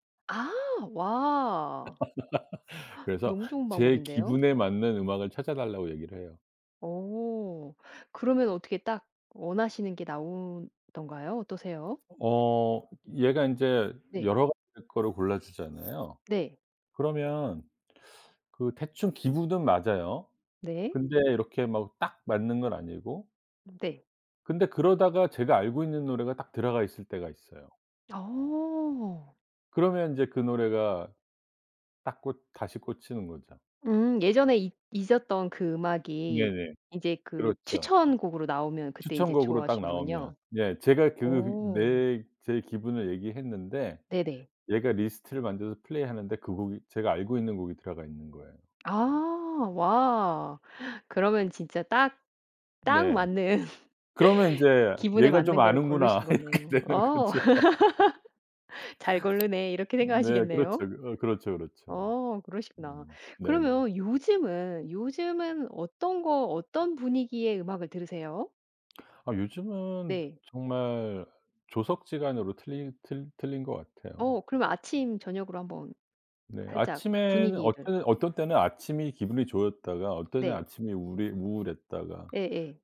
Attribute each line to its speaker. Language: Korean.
Speaker 1: 아. 와.
Speaker 2: 그래서
Speaker 1: 너무 좋은
Speaker 2: 제
Speaker 1: 방법인데요.
Speaker 2: 기분에 맞는 음악을 찾아 달라고 얘기를 해요.
Speaker 1: 오. 그러면 어떻게 딱 원하시는 게 나오던가요? 어떠세요?
Speaker 2: 어 얘가 인제
Speaker 1: 네.
Speaker 2: 여러 가지 거를 골라 주잖아요.
Speaker 1: 네.
Speaker 2: 그러면 그 대충 기분은 맞아요.
Speaker 1: 네.
Speaker 2: 근데 이렇게 막 딱 맞는 건 아니고.
Speaker 1: 음 네.
Speaker 2: 근데 그러다가 제가 알고 있는 노래가 딱 들어가 있을 때가 있어요.
Speaker 1: 어.
Speaker 2: 그러면 인제 그 노래가 딱 꽂 다시 꽂히는 거죠.
Speaker 1: 음 예전에 잊 잊었던 그 음악이
Speaker 2: 네네.
Speaker 1: 이제 그
Speaker 2: 그렇죠.
Speaker 1: 추천곡으로 나오면 그때 인제
Speaker 2: 추천곡으로 딱 나오면
Speaker 1: 좋아하시는군요.
Speaker 2: 예 제가 그
Speaker 1: 어.
Speaker 2: 내 제 기분을 얘기했는데
Speaker 1: 네네.
Speaker 2: 얘가 리스트를 만들어서 플레이 하는데 그 곡이 제가 알고 있는 곡이 들어가 있는 거예요.
Speaker 1: 아. 와 그러면 진짜 딱, 딱
Speaker 2: 네.
Speaker 1: 맞는
Speaker 2: 그러면 인제
Speaker 1: 기분에
Speaker 2: '얘가 좀
Speaker 1: 맞는 거를 고르신
Speaker 2: 아는구나.' 이렇게
Speaker 1: 거네요.
Speaker 2: 되는
Speaker 1: 어
Speaker 2: 거죠.
Speaker 1: '잘 고르네.' 이렇게
Speaker 2: 네.
Speaker 1: 생각하시겠네요?
Speaker 2: 그렇죠. 그 어 그렇죠, 그렇죠.
Speaker 1: 어 그러시구나.
Speaker 2: 음 네네.
Speaker 1: 그러면 요즘은, 요즘은 어떤 거, 어떤 분위기의 음악을 들으세요?
Speaker 2: 아 요즘은
Speaker 1: 네.
Speaker 2: 정말 조석지간으로 틀리 틀 틀린 것 같아요.
Speaker 1: 어 그러면 아침 저녁으로 한번
Speaker 2: 네.
Speaker 1: 살짝
Speaker 2: 아침에는
Speaker 1: 분위기를.
Speaker 2: 어째 어떤 때는 아침이 기분이 좋았다가 어떤 때는
Speaker 1: 네.
Speaker 2: 아침이 우리 우울했다가.
Speaker 1: 예예.